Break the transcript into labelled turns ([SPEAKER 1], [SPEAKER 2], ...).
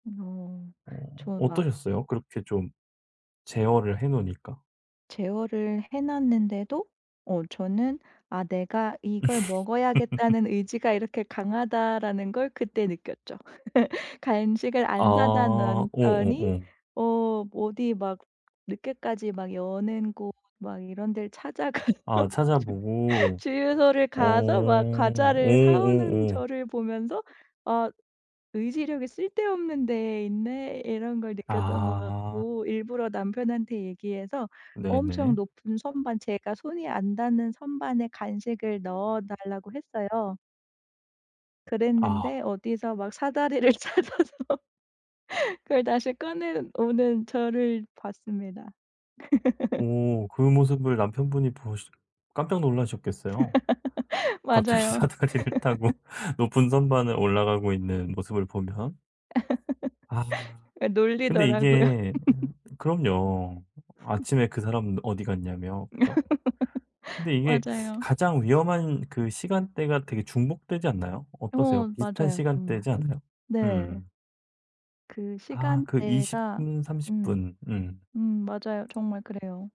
[SPEAKER 1] 어
[SPEAKER 2] 어
[SPEAKER 1] 저는 막
[SPEAKER 2] 어떠셨어요? 그렇게 좀 제어를 해 놓으니까.
[SPEAKER 1] 제어를 해 놨는데도 어 저는 '아 내가 이걸 먹어야겠다는 의지가 이렇게 강하다.'라는 걸 그때 느꼈죠. 간식을
[SPEAKER 2] 아
[SPEAKER 1] 안 사다 놨더니
[SPEAKER 2] 어어어.
[SPEAKER 1] 어 어디 막 늦게까지 막 여는 곳 막 이런 데를 찾아가서
[SPEAKER 2] 아
[SPEAKER 1] 주
[SPEAKER 2] 찾아보고.
[SPEAKER 1] 주유소를
[SPEAKER 2] 어.
[SPEAKER 1] 가서 막 과자를 사 오는
[SPEAKER 2] 어어어.
[SPEAKER 1] 저를 보면서 '아 의지력이 쓸데없는 데 있네.' 이런 걸 느꼈던 것
[SPEAKER 2] 아.
[SPEAKER 1] 같고 일부러 남편한테 얘기해서 엄청
[SPEAKER 2] 네네.
[SPEAKER 1] 높은 선반 제가 손이 안 닿는 선반에 간식을 넣어 달라고 했어요.
[SPEAKER 2] 아.
[SPEAKER 1] 그랬는데 어디서 막 사다리를 찾아서 그걸 다시 꺼내 오는 저를 봤습니다.
[SPEAKER 2] 오 그 모습을 남편분이 보시 깜짝 놀라셨겠어요? 갑자기
[SPEAKER 1] 맞아요.
[SPEAKER 2] 사다리를 타고 높은 선반을 올라가고 있는 모습을 보면. 아.
[SPEAKER 1] 아
[SPEAKER 2] 근데
[SPEAKER 1] 놀리더라고요.
[SPEAKER 2] 이게 음 그럼요. 아침에 그 사람은 어디 갔냐며 그죠? 근데 이게
[SPEAKER 1] 맞아요.
[SPEAKER 2] 가장 위험한 그 시간대가 되게 중복되지 않나요? 어떠세요?
[SPEAKER 1] 어
[SPEAKER 2] 비슷한
[SPEAKER 1] 맞아요 정말.
[SPEAKER 2] 시간대지 않아요?
[SPEAKER 1] 네.
[SPEAKER 2] 음.
[SPEAKER 1] 그
[SPEAKER 2] 아 그 20
[SPEAKER 1] 시간대가
[SPEAKER 2] 분 30
[SPEAKER 1] 음.
[SPEAKER 2] 분. 음.
[SPEAKER 1] 음 맞아요. 정말 그래요.